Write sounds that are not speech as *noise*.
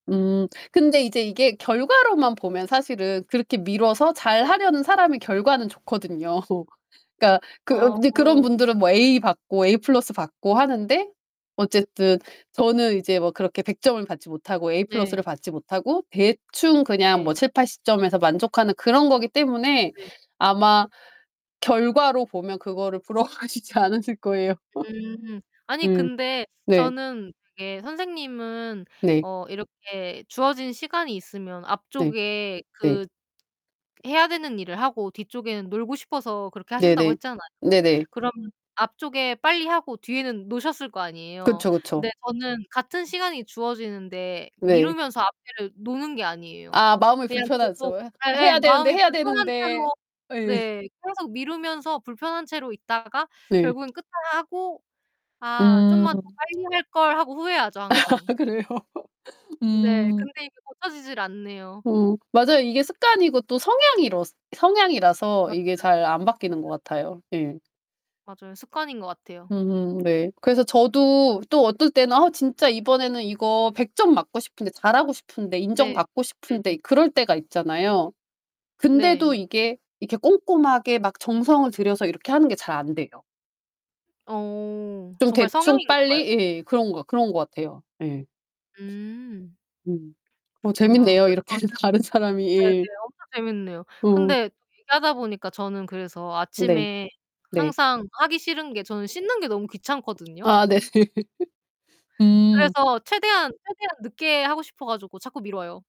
음. 근데 이제 이게 결과로만 보면 사실은 그렇게 미뤄서 잘 네. 하려는 사람이 결과는 좋거든요. *laughs* 그니까 그 으 이제 그런 어. 분들은 뭐 에이 받고 에이 플러스 받고 하는데 어쨌든 저는 이제 뭐 그렇게 100 점을 받지 못하고 에이 플러스 를 네. 받지 못하고 대충 그냥 뭐 네. 70-80 점에서 만족하는 그런 거기 때문에 네. 아마 결과로 보면 그거를 부러워하시지 않으실 거에요. *laughs* 음. 아니 음. 근데 네. 저는 이게 선생님은 네. 어 이렇게 주어진 시간이 있으면 네. 앞쪽에 네. 그 해야 되는 일을 하고 뒤쪽에는 놀고 싶어서 그렇게 하신다고 네네. 했잖아요. 네네. 그럼 앞쪽에 빨리하고 뒤에는 노셨을 거 아니에요. 그쵸. 그쵸. 근데 저는 같은 시간이 주어지는데 네. 미루면서 앞에를 노는 게 아니에요. 아 마음이 그냥 불편하죠. 계속 '아 예예 해야 되는데, 마음이 해야 불편한 되는데.' 채로 예. 네. 계속 미루면서 불편한 채로 있다가 네. 결국은 끝나고 '아 음. 좀만 더 빨리 할 걸.'하고 후회하죠 항상. *laughs* 그래요? 네. 음. 근데 이게 고쳐지질 않네요. 어 맞아요. 이게 습관이고 또 성향이러 성향이라서 맞아요. 이게 잘 안 바뀌는 것 네. 같아요. 예. 맞아요. 습관인 거 같아요. 음 네. 그래서 저도 또 어떨 땐 아 진짜 이번에는 이거 100 점 맞고 싶은데 잘하고 싶은데 네. 인정받고 네네. 싶은데 그럴 때가 있잖아요. 근데도 네. 이게 이렇게 꼼꼼하게 막 정성을 들여서 이렇게 하는 게 잘 안 돼요. 어. 좀 정말 대충 성향인가 봐요. 빨리 예 그런 거 그런 거 같아요. 예. 음. 음. 어 그렇구나. 재밌네요. 그래 이렇게 다른 사람이 가지고 예. 네네. 엄청 재밌네요. 어. 근데 얘기하다 보니까 저는 그래서 네. 아침에 네. 항상 하기 싫은 게 저는 씻는 게 너무 귀찮거든요. 아, 네. *laughs* 음. 그래서 최대한 최대한 늦게 하고 싶어 가지고 자꾸 미뤄요.